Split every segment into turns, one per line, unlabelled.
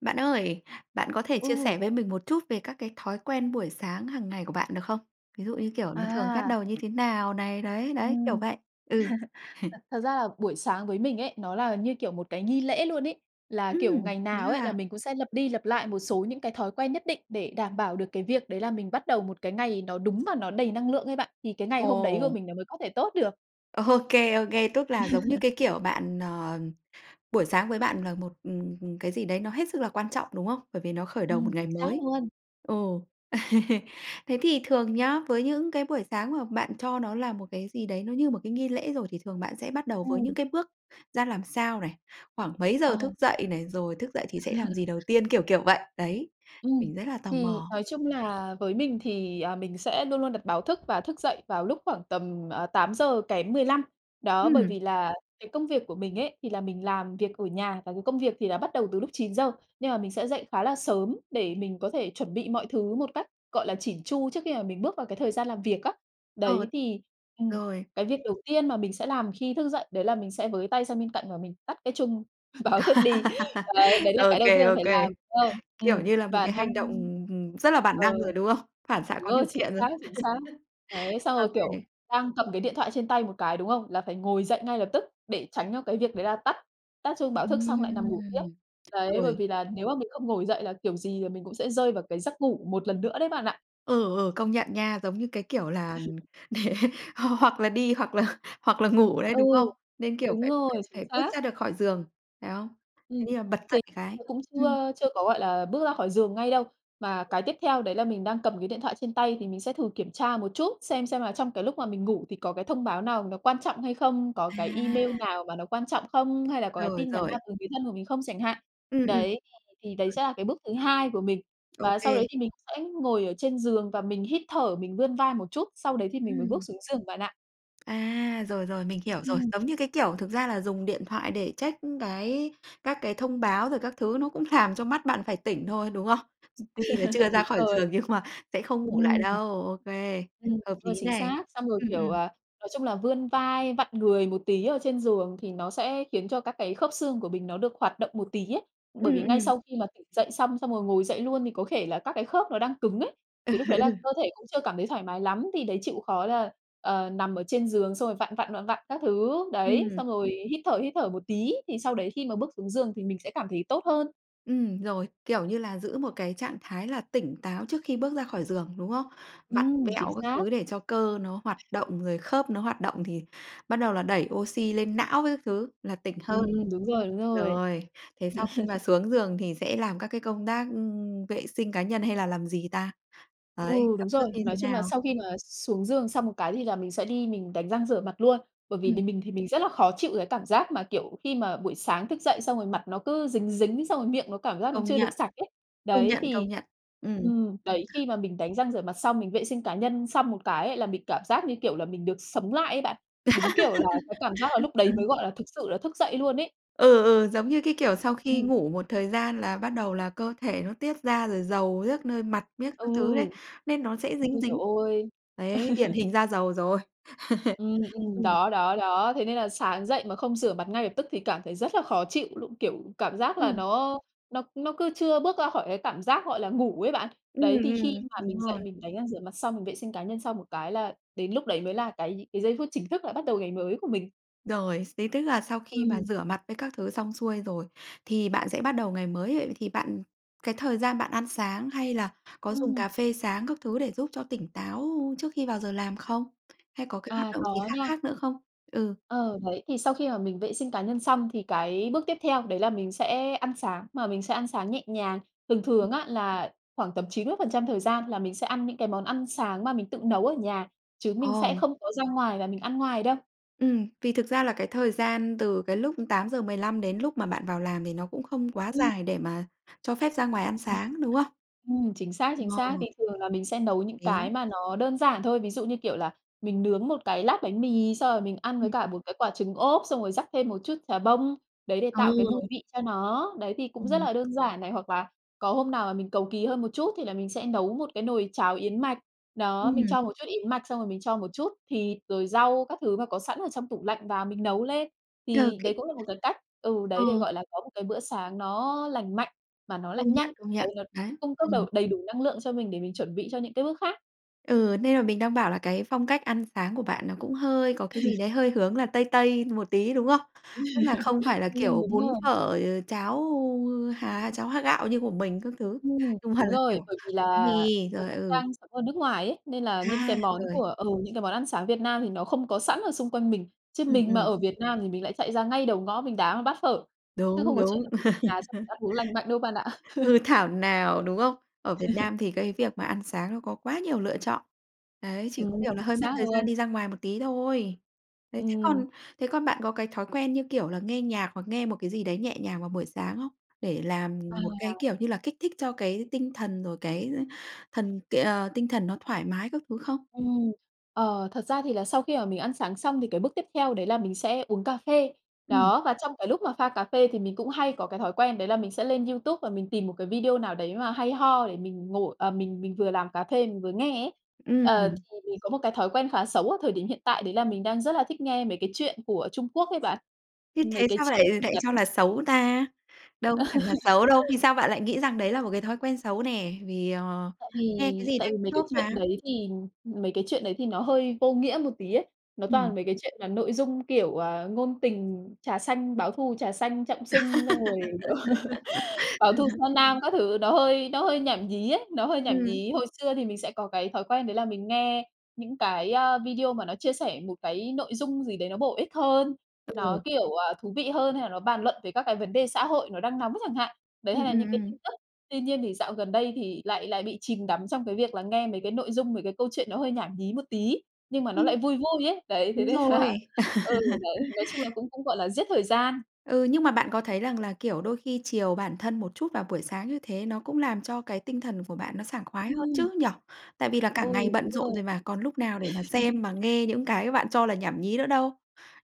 Bạn ơi, bạn có thể chia
Ừ.
sẻ với mình một chút về các cái thói quen buổi sáng hằng ngày của bạn được không? Ví dụ như, kiểu, nó thường bắt
À.
đầu như thế nào này, đấy, đấy, kiểu
Ừm.
vậy. Ừ.
Thật thật ra là buổi sáng với mình ấy, nó là như, kiểu, một cái nghi lễ luôn ấy. Là, kiểu,
Ừm,
ngày
dữ
nào ấy là
ha!
mình cũng sẽ lặp đi lặp lại một số những cái thói quen nhất định, để đảm bảo được cái việc đấy là mình bắt đầu một cái ngày nó đúng và nó đầy năng lượng ấy bạn. Thì cái ngày hôm đấy của
Ồ.
mình nó mới có thể tốt được.
Ô kê, ô kê. Tức là giống như cái, kiểu, bạn, ờ, buổi sáng với bạn là một, ừ, ừ, cái gì đấy nó hết sức là quan trọng, đúng không? Bởi vì nó khởi đầu
Ừm,
một ngày
chính xác
mới.
luôn.
Ồ, thế thì thường nhá, với những cái buổi sáng mà bạn cho nó là một cái gì đấy nó như một cái nghi lễ rồi, thì thường bạn sẽ bắt đầu với những
Ừm.
cái bước ra làm sao này? Khoảng mấy giờ thức
Ồ.
dậy này? Rồi thức dậy thì sẽ làm gì đầu tiên? Kiểu, kiểu vậy. Đấy.
Ừm,
Mình rất là tò
thì
mò.
nói chung là với mình thì, à, mình sẽ luôn luôn đặt báo thức và thức dậy vào lúc khoảng tầm 8:00 kém 15 đó. Bởi
Ừm.
vì là cái công việc của mình ấy, thì là mình làm việc ở nhà và cái công việc thì là bắt đầu từ lúc 9:00 nhưng mà mình sẽ dậy khá là sớm để mình có thể chuẩn bị mọi thứ một cách gọi là chỉn chu trước khi mà mình bước vào cái thời gian làm việc á.
Ờ.
Đấy, thì, ừ,
Rồi.
cái việc đầu tiên mà mình sẽ làm khi thức dậy đấy là mình sẽ với tay sang bên cạnh và mình tắt cái chung báo thức đi. Đấy, đấy là
Ô
cái đầu
kê,
tiên là
ô
phải
kê.
làm. Ơ, ừ,
Kiểu, như là một
và
cái
đang
hành động, ừm, ừm, rất là bản
ờ,
năng rồi, đúng không? Phản xạ
đúng
có
rồi,
điều
chính
kiện rồi.
xác, chính xác. Đấy, xong
Ô
rồi, kiểu,
kê.
đang cầm cái điện thoại trên tay một cái, đúng không? Là phải ngồi dậy ngay lập tức để tránh cho cái việc đấy là tắt tắt chuông báo thức xong lại nằm ngủ tiếp.
Ừm,
Đấy, bởi
rồi.
vì là nếu mà mình không ngồi dậy là kiểu gì mình cũng sẽ rơi vào cái giấc ngủ một lần nữa đấy bạn ạ.
Ừ, ừ, công nhận nha. Giống như cái, kiểu, là, hoặc là đi hoặc là hoặc là ngủ đấy,
Ừ,
đúng không? Nên, kiểu,
đúng
phải phải
rồi. Chính
phải bước
xác.
ra được khỏi giường, phải không?
Ừ,
Thế thì bật
thì
dậy cái.
cũng
Ừm.
chưa chưa có, gọi là, bước ra khỏi giường ngay đâu. Mà cái tiếp theo đấy là mình đang cầm cái điện thoại trên tay thì mình sẽ thử kiểm tra một chút, xem xem là trong cái lúc mà mình ngủ thì có cái thông báo nào nó quan trọng hay không, có cái email
À!
nào mà nó quan trọng không, hay là có cái
Rồi,
tin nhắn nào
rồi.
từ người thân của mình không chẳng hạn.
Ừ, ừm.
Đấy, thì đấy sẽ là cái bước thứ hai của mình.
Ô
Và sau
kê.
đấy thì mình sẽ ngồi ở trên giường và mình hít thở mình vươn vai một chút, sau đấy thì mình mới bước
Ừm.
xuống giường bạn ạ.
À, rồi, rồi, mình hiểu rồi.
Ừm.
Giống như cái kiểu thực ra là dùng điện thoại để check cái các cái thông báo rồi các thứ nó cũng làm cho mắt bạn phải tỉnh thôi, đúng hông? Tuy là chưa ra
Đúng
khỏi
rồi.
giường nhưng mà sẽ không ngủ lại
Ừm.
đâu. Ô kê,
Ừm,
hợp lý
rồi chính
nè.
xác. Xong rồi,
Ừm,
kiểu,
ừm.
à, nói chung là vươn vai, vặn người một tí ở trên giường thì nó sẽ khiến cho các cái khớp xương của mình nó được hoạt động một tí ấy. Bởi vì
Ừm,
ngay
ừm.
sau khi mà tỉnh dậy xong, xong rồi ngồi dậy luôn thì có thể là các cái khớp nó đang cứng ấy. Thì lúc đấy là
Ừ.
cơ thể cũng chưa cảm thấy thoải mái lắm, thì đấy chịu khó là, ờ, nằm ở trên giường, xong rồi vặn, vặn, vặn, vặn các thứ, đấy,
Ừm.
xong rồi hít thở, hít thở một tí thì sau đấy khi mà bước xuống giường thì mình sẽ cảm thấy tốt hơn.
Ừm, rồi. Kiểu như là, giữ một cái trạng thái là tỉnh táo trước khi bước ra khỏi giường, đúng không? Vặn
Ừm, chính
vẹo các
xác.
thứ để cho cơ nó hoạt động, rồi khớp nó hoạt động thì bắt đầu là đẩy ô xy lên não với các thứ là tỉnh hơn.
Ừm, đúng rồi, đúng rồi.
Rồi. Thế sau khi mà xuống giường thì sẽ làm các cái công tác vệ sinh cá nhân hay là làm gì ta?
Ừ,
Đấy,
đúng
các bước
rồi.
như
Nói
thế
chung là
nào?
sau khi mà xuống giường xong một cái thì là mình sẽ đi mình đánh răng rửa mặt luôn. Bởi vì
Ừm.
vì mình thì mình rất là khó chịu cái cảm giác mà, kiểu, khi mà buổi sáng thức dậy xong rồi mặt nó cứ dính dính, xong rồi miệng nó cảm giác nó
Công
chưa được
nhận.
sạch ấy.
Công
Đấy,
nhận,
thì
công nhận. Ừm.
ừm, đấy khi mà mình đánh răng rửa mặt xong, mình vệ sinh cá nhân xong một cái là mình cảm giác như kiểu là mình được sống lại ấy bạn. Đúng kiểu là cái cảm giác là lúc đấy mới gọi là thực sự là thức dậy luôn ấy.
Ừ, ừ, giống như cái kiểu sau khi
Ừm.
ngủ một thời gian là bắt đầu là cơ thể nó tiết ra, rồi dầu diếc nơi mặt miết
Ừ.
các thứ đấy, nên nó sẽ dính
Ôi trời
dính.
ơi!
Đấy, điển hình da dầu rồi.
Ừm, ừm,
Ừm.
đó, đó, đó. Thế nên là sáng dậy mà không rửa mặt ngay lập tức thì cảm thấy rất là khó chịu luôn, kiểu, cảm giác là
Ừm.
nó nó nó cứ chưa bước ra khỏi cái cảm giác, gọi là, ngủ ấy bạn.
Ừm,
Đấy, thì khi
ừm,
mà
đúng
mình dậy
rồi.
mình đánh răng rửa mặt xong, mình vệ sinh cá nhân xong một cái là đến lúc đấy mới là cái gi cái giây phút chính thức là bắt đầu ngày mới của mình.
Rồi, xế tức là sau khi mà
Ừm.
rửa mặt với các thứ xong xuôi rồi, thì bạn sẽ bắt đầu ngày mới. Thì bạn cái thời gian bạn ăn sáng hay là có dùng
Ừm.
cà phê sáng các thứ để giúp cho tỉnh táo trước khi vào giờ làm không? Hay có cái hoạt
À,
động gì
có
khác
nha.
khác nữa không? Ừ.
Ờ, đấy, thì sau khi mà mình vệ sinh cá nhân xong thì cái bước tiếp theo đấy là mình sẽ ăn sáng, mà mình sẽ ăn sáng nhẹ nhàng. Thường
Ừm.
thường á là khoảng tầm 90 thời gian là mình sẽ ăn những cái món ăn sáng mà mình tự nấu ở nhà, chứ mình sẽ
Ồ.
không có ra ngoài và mình ăn ngoài đâu.
Ừm, vì thực ra là cái thời gian từ cái lúc 8:15 đến lúc mà bạn vào làm thì nó cũng không quá
Ừm.
dài để mà cho phép ra ngoài ăn sáng, đúng
[unintelligible]
không?
Ừm, chính xác, chính xác.
Ờ.
Thì thường là mình sẽ nấu những cái
Đấy.
mà nó đơn giản thôi. Ví dụ như, kiểu là, mình nướng một cái lát bánh mì xong rồi mình ăn với
Ừm.
cả một cái quả trứng ốp, xong rồi rắc thêm một chút chà bông, đấy để tạo cái mùi
Ừ.
vị cho nó. Đấy thì cũng rất
Ừm.
là đơn giản này. Hoặc là có hôm nào mà mình cầu kỳ hơn một chút, thì là mình sẽ nấu một cái nồi cháo yến mạch. Đó, mình
Ừm.
cho một chút yến mạch, xong rồi mình cho một chút thịt, rồi rau các thứ mà có sẵn ở trong tủ lạnh và mình nấu lên.
Ờ
Thì đấy
cái
cũng là một cái cách ừ, đấy để
Ờ.
gọi là có một cái bữa sáng nó lành mạnh mà nó lại
Công
nhanh.
nhận, công
Đấy
nhận,
nó
đấy,
cung cấp đầu
ừm.
đầy đủ năng lượng cho mình để mình chuẩn bị cho những cái bước khác.
Ừ, nên là mình đang bảo là cái phong cách ăn sáng của bạn nó cũng hơi có cái gì đấy hơi hướng là tây tây một tí, đúng không? Tức là không phải là,
Ừm,
kiểu,
đúng
bún
rồi.
phở, ờ, cháo, há, cháo há, gạo như của mình các thứ,
Ừm,
nhưng mà
đúng
là, kiểu,
rồi, bởi vì
bánh
là
mì,
mì
rồi
cũng
ừ.
đang sống ở nước ngoài ấy, nên là những cái
À,
món
rồi.
của ừ, những cái món ăn sáng Việt Nam thì nó không có sẵn ở xung quanh mình, chứ
Ừm,
mình mà
ừm.
ở Việt Nam thì mình lại chạy ra ngay đầu ngõ mình đá một bát phở, chứ
Đúng,
không có chuyện
đúng.
là mì ở nhà xong mình ăn uống lành mạnh đâu bạn ạ.
Ừ, thảo nào, đúng không? Ở Việt Nam thì cái việc mà ăn sáng nó có quá nhiều lựa chọn, đấy, chỉ có
Ừm,
điều là
chính
hơi mất
xác
thời gian
luôn!
đi ra ngoài một tí thôi. Đấy, thế
Ừm.
còn thế còn bạn có cái thói quen như kiểu là, nghe nhạc hoặc nghe một cái gì đấy nhẹ nhàng vào buổi sáng không? Để làm một cái,
À.
kiểu như là, kích thích cho cái tinh thần rồi cái thần cái ờ, tinh thần nó thoải mái các thứ không?
Ừm, ờ, thật ra thì là sau khi mà mình ăn sáng xong thì cái bước tiếp theo đấy là mình sẽ uống cà phê.
Ừm.
Đó, và trong cái lúc mà pha cà phê thì mình cũng hay có cái thói quen đấy là mình sẽ lên YouTube và mình tìm một cái video nào đấy mà hay ho để mình ngồi à, mình mình vừa làm cà phê mình vừa nghe ấy. Ờ,
Ừm.
thì mình có một cái thói quen khá xấu ở thời điểm hiện tại đấy là mình đang rất là thích nghe mấy cái chuyện của Trung Quốc ấy bạn,
Thế
mấy
thế
cái
sao lại
chuyện
lại
ngắn.
cho là xấu, ta? Đâu có hẳn là xấu đâu, vì sao bạn lại nghĩ rằng đấy là một cái thói quen xấu nè? Vì, ờ,
Tại
nghe cái
vì
gì
tại
đấy
vì
cũng
mấy cái
tốt
chuyện
mà?
đấy thì mấy cái chuyện đấy thì nó hơi vô nghĩa một tí ấy. Nó
Ừm.
toàn mấy cái chuyện mà nội dung, kiểu, à, ngôn tình, trà xanh, báo thù trà xanh, trọng sinh, xong rồi, kiểu, báo thù tra nam các thứ, nó hơi nó hơi nhảm nhí ấy, nó hơi nhảm
Ừm.
nhí. Hồi xưa thì mình sẽ có cái thói quen đấy là mình nghe những cái, a, video mà nó chia sẻ một cái nội dung gì đấy nó bổ ích hơn, nó
Ừ.
kiểu, à, thú vị hơn hay là nó bàn luận về các cái vấn đề xã hội nó đang nóng chẳng hạn, đấy,
Ừm,
hay là
ừm,
những cái
ừm.
tin tức, tuy nhiên thì dạo gần đây thì lại lại bị chìm đắm trong cái việc là nghe mấy cái nội dung, mấy cái câu chuyện nó hơi nhảm nhí một tí, nhưng mà nó
Ừm.
lại vui vui ấy. Đấy, thế
Đúng
nên
rồi.
là ừ, đấy, nói chung là cũng cũng gọi là giết thời gian.
Ừ, nhưng mà bạn có thấy rằng là, kiểu, đôi khi chiều bản thân một chút vào buổi sáng như thế nó cũng làm cho cái tinh thần của bạn nó sảng khoái hơn
Ừm.
chứ, nhỉ? Tại vì là cả
Ừ,
ngày
đúng
bận
rồi.
rộn rồi mà, còn lúc nào để mà xem, mà nghe những cái bạn cho là nhảm nhí nữa đâu?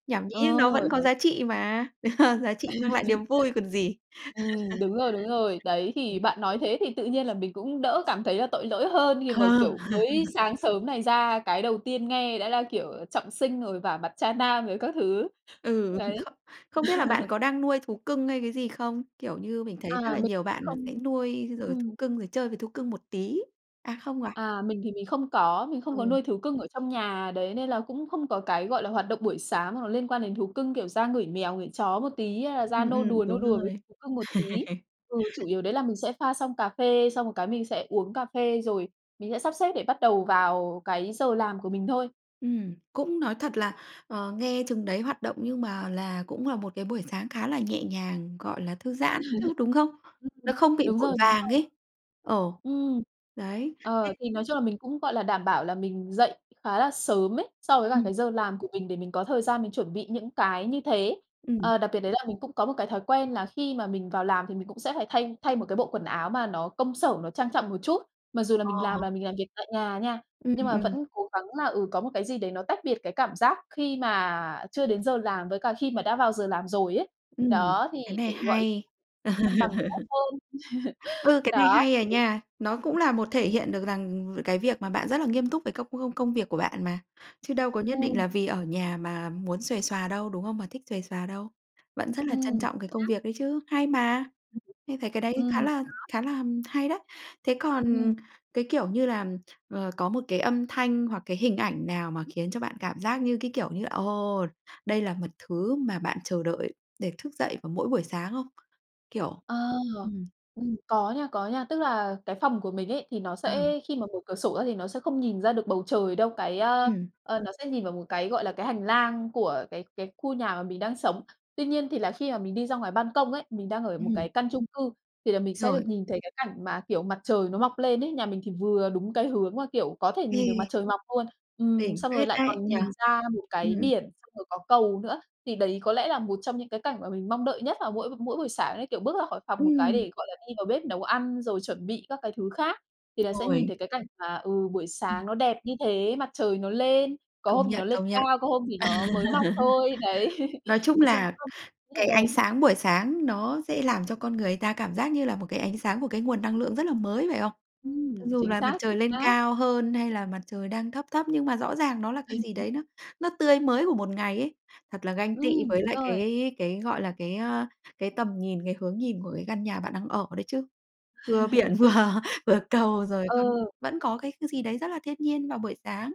Nhảm nhí
Ờ,
nó vẫn có
đấy.
giá trị mà, giá trị mang lại niềm vui còn gì.
Ừm, đúng rồi, đúng rồi. Đấy, thì bạn nói thế thì tự nhiên là mình cũng đỡ cảm thấy là tội lỗi hơn khi mà,
Ờ.
kiểu, mới sáng sớm này ra, cái đầu tiên nghe đã là, kiểu, ờ, trọng sinh, rồi vả mặt tra nam, rồi các thứ.
Ừ,
Đấy.
kh không biết là bạn có đang nuôi thú cưng hay cái gì không? Kiểu như, mình thấy rất
À,
là
mình
nhiều bạn sẽ
không
nuôi rồi thú
ừm.
cưng rồi chơi với thú cưng một tí à, không à?
à, mình thì mình không có, mình không có
Ừ.
nuôi thú cưng ở trong nhà, đấy, nên là cũng không có cái, gọi là, hoạt động buổi sáng hoặc là liên quan đến thú cưng, kiểu, ra ngửi mèo, ngửi chó một tí hay là ra
Ừm,
nô
ừm,
đùa, nô
đúng
đùa với
rồi.
thú cưng một tí ừ, chủ yếu đấy là mình sẽ pha xong cà phê, xong rồi cái mình sẽ uống cà phê, rồi mình sẽ sắp xếp để bắt đầu vào cái giờ làm của mình thôi.
Ừm, cũng nói thật là, ờ, nghe chừng đấy hoạt động, nhưng mà là cũng là một cái buổi sáng khá là nhẹ nhàng, gọi là, thư giãn ấy chứ, đúng không? Nó
Ừm,
không bị
đúng
vội
rồi, đúng
vàng
rồi.
ấy ờ,
Ừm.
đấy. Thế
Ờ, thì nói chung là mình cũng, gọi là, đảm bảo là mình dậy khá là sớm ấy so với cả
Ừm.
cái giờ làm của mình để mình có thời gian mình chuẩn bị những cái như thế.
Ừm.
Ờ, đặc biệt đấy là mình cũng có một cái thói quen là khi mà mình vào làm thì mình cũng sẽ phải thay thay một cái bộ quần áo mà nó công sở, nó trang trọng một chút, mặc dù là mình làm
Ờ.
là mình làm việc tại nhà nha,
Ừm,
nhưng mà
ừm.
vẫn cố gắng là, ừ, có một cái gì đấy nó tách biệt cái cảm giác khi mà chưa đến giờ làm với cả khi mà đã vào giờ làm rồi ấy.
Ừm,
Đó, thì
cái này
để, gọi là,
hay.
cân bằng tốt hơn.
Ừ, cái này
Đó,
hay à nha! Nó
đấy.
cũng là một thể hiện được rằng cái việc mà bạn rất là nghiêm túc về các công công công việc của bạn mà, chứ đâu có nhất định
Ừm.
là vì ở nhà mà muốn xuề xoà đâu, đúng không? Mà thích xuề xoà đâu, vẫn rất là trân
Ừm,
trọng
chính
cái công
xác.
việc đấy chứ, hay mà, mình thấy cái đấy
Ừm,
khá là
đó.
khá là, ừm, hay đấy. Thế còn
Ừm.
cái, kiểu như là, ờ, có một cái âm thanh hoặc cái hình ảnh nào mà khiến cho bạn cảm giác như, cái kiểu như, ồ, đây là một thứ mà bạn chờ đợi để thức dậy vào mỗi buổi sáng không? Kiểu
Ờ,
ừm.
ừm, có nha, có nha. Tức là cái phòng của mình ấy, thì nó
Ờ.
sẽ khi mà mở cửa sổ ra thì nó sẽ không nhìn ra được bầu trời đâu, cái, a,
Ừm.
ờ, nó sẽ nhìn vào một cái, gọi là, cái hành lang của cái cái khu nhà mà mình đang sống, tuy nhiên thì là khi mà mình đi ra ngoài ban công ấy, mình đang ở một cái
Ừm.
căn chung cư, thì là mình sẽ
Rồi.
được nhìn thấy cái cảnh mà, kiểu, mặt trời nó mọc lên ấy. Nhà mình thì vừa đúng cái hướng mà, kiểu, có thể nhìn được mặt
Ghê!
trời mọc luôn ừm,
Đỉnh
xong rồi
phết
lại
đấy,
còn
nhỉ?
nhìn ra một cái
Ừm.
biển, xong rồi có cầu nữa. Thì đấy có lẽ là một trong những cái cảnh mà mình mong đợi nhất vào mỗi b mỗi buổi sáng ấy, kiểu, bước ra khỏi phòng một cái
Ừm.
để, gọi là, đi vào bếp nấu ăn, rồi chuẩn bị các cái thứ khác, thì là sẽ nhìn
Rồi.
thấy cái cảnh mà, ừ, buổi
Ừm.
sáng nó đẹp như thế, mặt trời nó lên, có
Công
hôm thì nó
nhận,
lên
công nhận.
cao, có hôm thì nó mới mọc thôi. Đấy,
Nói chung
nói chung
là
[unintelligible] rất là
cái
đẹp.
ánh sáng buổi sáng nó sẽ làm cho con người ta cảm giác như là một cái ánh sáng của cái nguồn năng lượng rất là mới, phải không? Cho
Ừm,
dù
chính
là mặt
xác, chính
trời lên
xác.
cao hơn hay là mặt trời đang thấp thấp, nhưng mà rõ ràng nó là cái gì đấy nó nó tươi mới của một ngày ấy, thật là ganh tị
Ừm,
với
đúng
lại
rồi.
cái cái, gọi là, cái, ơ, cái tầm nhìn, cái hướng nhìn của cái căn nhà bạn đang ở đấy chứ, vừa biển vừa vừa cầu rồi
Ờ.
còn vẫn có cái cái gì đấy rất là thiên nhiên vào buổi sáng.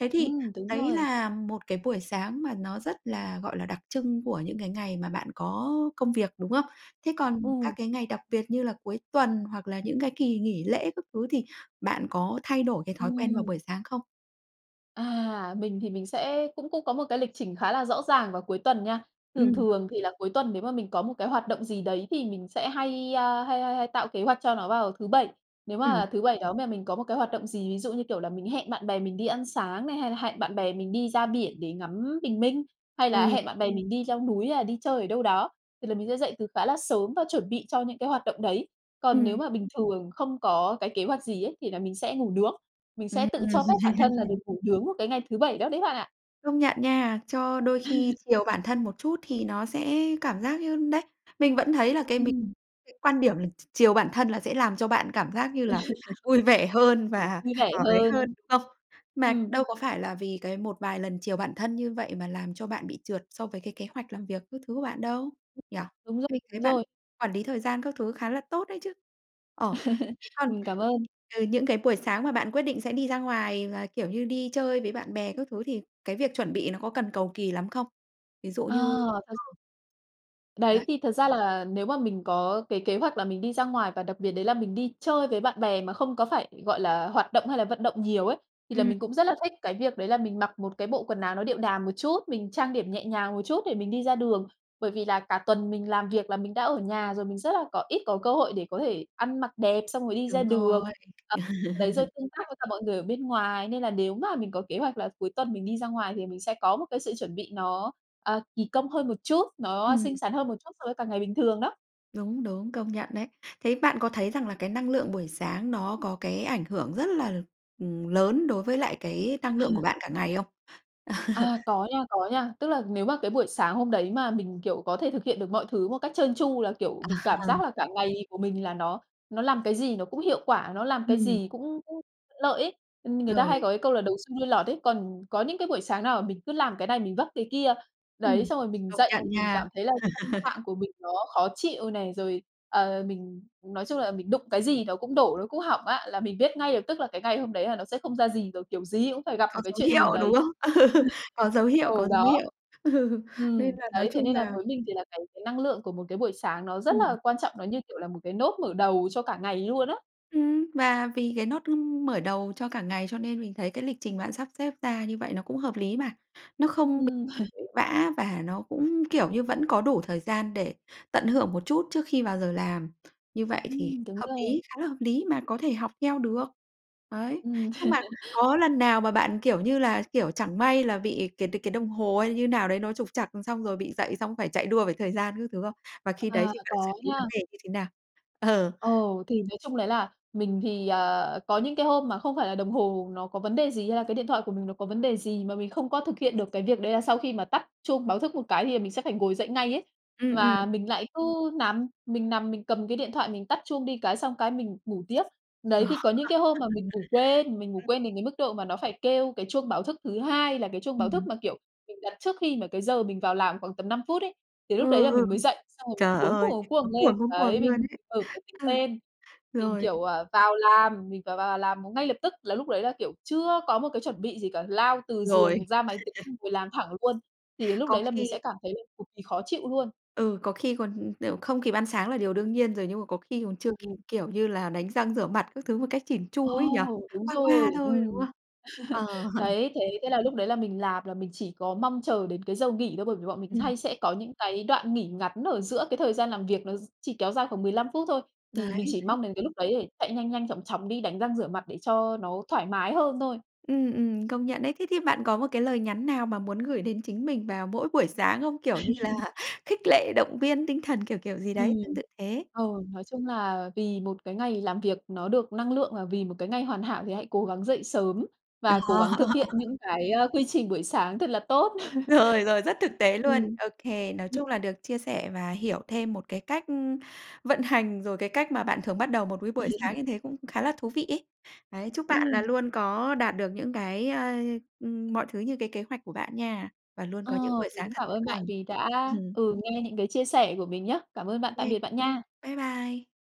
Thế thì
Ừm, đúng
đấy
rồi.
là một cái buổi sáng mà nó rất là, gọi là, đặc trưng của những cái ngày mà bạn có, ơ, công việc, đúng không? Thế còn các
Ừ.
cái ngày đặc biệt như là cuối tuần, hoặc là những cái kỳ nghỉ lễ các thứ thì bạn có thay đổi cái thói quen vào
Ừm.
buổi sáng không?
À, mình thì mình sẽ cũng cũng có một cái lịch trình khá là rõ ràng vào cuối tuần nha. Thường
Ừm.
thường thì là cuối tuần nếu mà mình có một cái hoạt động gì đấy thì mình sẽ hay, à, hay hay hay tạo kế hoạch cho nó vào thứ Bảy. Nếu
Ừm.
mà thứ Bảy đó mà mình có một cái hoạt động gì, ví dụ như, kiểu là, mình hẹn bạn bè mình đi ăn sáng này, hay là hẹn bạn bè mình đi ra biển để ngắm bình minh, hay là
Ừ.
hẹn bạn bè mình đi leo núi hay đi chơi ở đâu đó, thì là mình sẽ dậy từ khá là sớm và chuẩn bị cho những cái hoạt động đấy. Còn nếu
Ừm.
mà bình thường không có cái kế hoạch gì ấy thì là mình sẽ ngủ nướng, mình sẽ
Ừm.
tự cho phép bản thân là được ngủ nướng vào cái ngày thứ Bảy đó đấy bạn ạ!
Công nhận nha, cho đôi khi chiều bản thân một chút thì nó sẽ cảm giác như đấy, mình vẫn thấy là cái mình
Ừm.
cái quan điểm là ch chiều bản thân là sẽ làm cho bạn cảm giác như là vui vẻ hơn và,
Vui vẻ
ờ, ấy hơn,
hơn.
đúng không? Mà
Ừm.
đâu có phải là vì cái một vài lần chiều bản thân như vậy mà làm cho bạn bị trượt so với cái kế hoạch làm việc các thứ của bạn đâu, nhỉ?
Đúng r
Mình thấy
đúng
bạn
rồi.
quản lý thời gian các thứ khá là tốt đấy chứ! Ờ, thế còn
Mình cảm ơn.
từ những cái buổi sáng mà bạn quyết định sẽ đi ra ngoài và, kiểu như, đi chơi với bạn bè các thứ thì cái việc chuẩn bị nó có cần cầu kì lắm không? Ví dụ
Ờ
như
thật
ờ. Đấy.
Đấy, thì thật ra là nếu mà mình có cái kế hoạch là mình đi ra ngoài và đặc biệt đấy là mình đi chơi với bạn bè mà không có phải, gọi là, hoạt động hay là vận động nhiều ấy, thì là
Ừm.
mình cũng rất là thích cái việc đấy là mình mặc một cái bộ quần áo nó điệu đà một chút, mình trang điểm nhẹ nhàng một chút để mình đi ra đường. Bởi vì là cả tuần mình làm việc là mình đã ở nhà rồi, mình rất là có ít có cơ hội để có thể ăn mặc đẹp xong rồi đi ra
Đúng
đường.
rồi.
Ờ đấy rồi tương tác với cả mọi người ở bên ngoài nên là nếu mà mình có kế hoạch là cuối tuần mình đi ra ngoài thì mình sẽ có một cái sự chuẩn bị nó, ờ, kỳ công hơn một chút, nó
Ừm.
xinh xắn hơn một chút so với cả ngày bình thường đó!
Đúng, đúng, công nhận đấy. Thế bạn có thấy rằng là cái năng lượng buổi sáng nó có cái ảnh hưởng rất là, ừm, lớn đối với lại cái năng lượng của
[unintelligible]
bạn cả ngày không?
À, có nha, có nha. Tức là nếu mà cái buổi sáng hôm đấy mà mình, kiểu, có thể thực hiện được mọi thứ một cách trơn tru là, kiểu,
À
mình cảm
ha.
giác là cả ngày của mình là nó nó làm cái gì nó cũng hiệu quả, nó làm cái
Ừm.
gì cũng cũng lợi ấy. Người ta hay
Rồi.
có cái câu là đầu xuôi đuôi lọt ấy, còn có những cái buổi sáng nào là mình cứ làm cái này mình vấp cái kia. Đấy,
Ừm.
xong rồi mình
Công
dậy,
nhận
mình
nha.
cảm thấy là tâm trạng của mình nó khó chịu này, rồi, ờ, mình nói chung là mình đụng cái gì nó cũng đổ, nó cũng hỏng á, là mình biết ngay được, tức là cái ngày hôm đấy là nó sẽ không ra gì rồi, kiểu gì cũng phải gặp một
Có
cái
dấu
chuyện gì
hiệu, đúng
đấy.
không? Có dấu hiệu,
Ừ,
có dấu
đó.
hiệu. Nên
Ừm,
là nói
đấy, thế
chung
nên là
là
với mình thì là cái cái năng lượng của một cái buổi sáng nó rất
Ừm.
là quan trọng, nó, như kiểu, là một cái nốt mở đầu cho cả ngày luôn á.
Ừm, và vì cái nốt ưm, mở đầu cho cả ngày cho nên mình thấy cái lịch trình bạn sắp xếp ra như vậy nó cũng hợp lý mà. Nó không bị
Ừm,
vã và nó cũng, kiểu như, vẫn có đủ thời gian để tận hưởng một chút trước khi vào giờ làm. Như vậy thì
Ừm, đúng
hợp
rồi.
lý, khá là hợp lý mà có thể học theo được. Đấy.
Ừm.
Nhưng mà có lần nào mà bạn, kiểu như là, kiểu, chẳng may là bị cái đ cái đồng hồ hay như thế nào đấy nó trục trặc, xong rồi bị dậy xong phải chạy đua với thời gian các thứ không? Và khi đấy
À,
thì bạn
có
xử lý vấn
nha.
đề như thế nào? Ờ.
Ồ, thì nói chung đấy là mình thì, à, có những cái hôm mà không phải là đồng hồ nó có vấn đề gì, hay là cái điện thoại của mình nó có vấn đề gì mà mình không có thực hiện được cái việc đấy là sau khi mà tắt chuông báo thức một cái thì là mình sẽ phải ngồi dậy ngay ấy.
Ừm, ừm.
Mà mình lại cứ nằm, mình nằm mình cầm cái điện thoại mình tắt chuông đi cái, xong cái mình ngủ tiếp. Đấy, thì có những cái hôm mà mình ngủ quên, mình ngủ quên
Ừm.
đến cái mức độ mà nó phải kêu cái chuông báo thức thứ 2 là cái chuông báo thức
Ừm.
mà, kiểu, mình đặt trước khi mà cái giờ mình vào làm khoảng tầm 5 phút ấy, thì
Ừ,
lúc đấy là
ừ.
mình mới dậy, xong rồi mình
Trời
cuống cuồng,
ơi!
cuống cuồng
Cuống
lên.
cuồng, cuống cuồng
Đấy,
luôn
mình
ấy.
mở máy tính
Ừ.
lên, mình,
Rồi.
kiểu, ờ, vào làm, mình phải vào làm ngay lập tức, là lúc đấy là, kiểu, chưa có một cái chuẩn bị gì cả, lao từ giường
Rồi.
ra máy tính
[unintelligible]
ngồi làm thẳng luôn. Thì lúc
Có
đấy là mình
khi
sẽ cảm thấy là cực kỳ khó chịu luôn.
ừ, có khi còn, kiểu, không kịp ăn sáng là điều đương nhiên rồi, nhưng mà có khi còn chưa
Ừm,
kịp,
ừm.
kiểu như là, đánh răng rửa mặt các thứ một cách chỉn
Ồ,
chu ấy nhỉ?
đúng
Qua
rồi,
qua thôi, đúng
ừm.
không? Ờ.
Đấy, thế thế là lúc đấy là mình làm là mình chỉ có mong chờ đến cái giờ nghỉ thôi, bởi vì bọn mình
Ừm.
hay sẽ có những cái đoạn nghỉ ngắn ở giữa cái thời gian làm việc, nó chỉ kéo dài khoảng 15 phút thôi. Thì mình
Đấy.
chỉ mong đến cái lúc đấy để chạy nhanh nhanh, chóng chóng đi đánh răng rửa mặt để cho nó thoải mái hơn thôi.
Ừm, ừm, công nhận đấy. Thế thì bạn có một cái lời nhắn nào mà muốn gửi đến chính mình vào mỗi buổi sáng không? Kiểu như là khích lệ, động viên tinh thần, kiểu, kiểu, gì
Ừm.
đấy tương tự thế.
Ờ, nói chung là vì một cái ngày làm việc nó được năng lượng và vì một cái ngày hoàn hảo thì hãy cố gắng dậy sớm
Đó
và cố gắng thực hiện những cái, a, quy trình buổi sáng thật là tốt.
Rồi, rồi, rất thực tế luôn.
Ừm.
Ô kê, nói
Ừm.
chung là được chia sẻ và hiểu thêm một cái cách, ưm, vận hành rồi cái cách mà bạn thường bắt đầu một cái buổi sáng như thế cũng khá là thú vị ấy. Đấy, chúc bạn là
Ừm.
luôn có đạt được những cái, ơ, ưm, mọi thứ như cái kế hoạch của bạn nha, và luôn
Ờ,
có những buổi
mình
sáng
cũng
thật
cảm
tốt
ơn bạn
lành.
vì đã,
Ừm.
ừ, nghe những cái chia sẻ của mình nhá. Cảm ơn bạn, tạm
OK.
biệt bạn nha.
Bái bai!